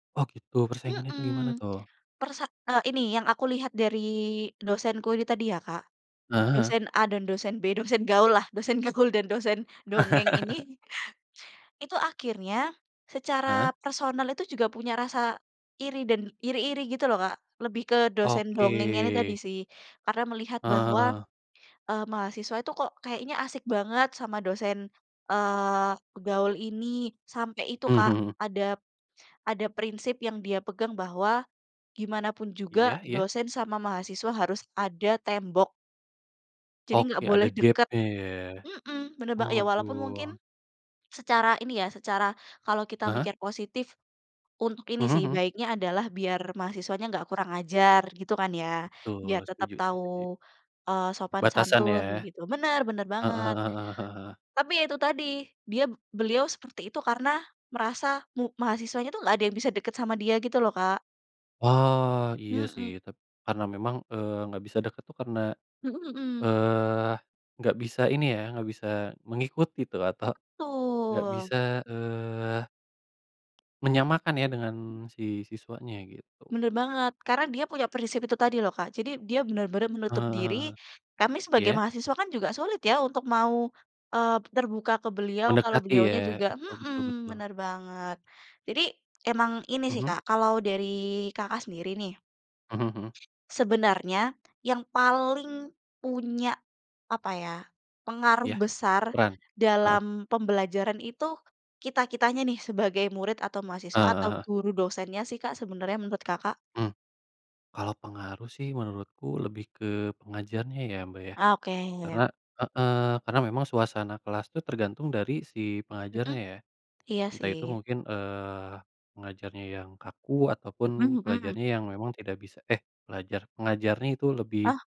Oh, gitu, persaingannya itu gimana Mhm. tuh? Persa e ini, yang aku lihat dari dosenku ini tadi ya, Kak. Heeh heeh. Dosen A dan Dosen B, dosen gaullah. Dosen gaul dan dosen dongeng ini itu akhirnya, Heeh. secara personal itu juga punya rasa iri dan, iri-iri gitu loh, Kak. Lebih ke dosen Oke. dongeng ini tadi sih. Karena melihat Heeh bahwa, heeh. eee, mahasiswa itu kok kayaknya asik banget sama dosen, eee, gaul ini. Sampai itu, Mhm Kak, mhm. ada ada prinsip yang dia pegang bahwa, gimanapun juga Iya iya. dosen sama mahasiswa harus ada tembok. Jadi Oke, nggak ada boleh deket gepnya ya? Mhm, bener ba ya walaupun mungkin, Waduh. secara ini ya, secara kalau kita Heeh. mikir positif, untuk ini Mhm sih, mhm. baiknya adalah biar mahasiswanya nggak kurang ajar, gitu kan ya. Biar Betul, tetap setuju sih tahu, tadi eee, sopan batasan santun ya. gitu. Benar benar Heeh banget. heeh heeh heeh. Tapi ya itu tadi, dia beliau seperti itu karena, merasa, mu mahasiswanya tuh nggak ada yang bisa dekat sama dia, gitu loh, Kak. Wah, iya sih. Mhm. Tap karena memang, eee, enggak bisa deket tuh karena, Mhm, mhm. eee, enggak bisa ini ya, enggak bisa mengikuti itu, atau, enggak Betul. bisa, eee, menyamakan ya, dengan si siswanya, gitu. Benar banget. Karena dia punya prinsip itu tadi loh, Kak. Jadi, dia benar-benar menutup Heeh heeh diri. heeh. Kami sebagai Iya. mahasiswa kan juga sulit ya, untuk mau, eee, terbuka ke beliau, kalau Mendekati ya? beliaunya juga Betul betul mhm, betul. benar banget. Jadi, emang ini sih, Mhm. Kak, kalau dari Kakak sendiri nih Mhm mhm. sebenarnya yang paling punya, apa ya, pengaruh Iya, besar peran, heeh. dalam pembelajaran itu, kita-kitanya nih sebagai murid atau Heeh mahasiswa, heeh atau heeh. guru dosennya sih, Kak, sebenarnya menurut Kakak? Mmm. Kalau pengaruh sih menurutku lebih ke pengajarnya ya, Mbak ya, Oke. karena heeh, karena memang suasana kelas tuh tergantung dari si Mhm, pengajarnya ya. iya Entah itu sih. mungkin, eee, pengajarnya yang kaku ataupun Mhm mhm. pelajarnya yang memang tidak bisa eh, pelajar, pengajarnya itu lebih Oh.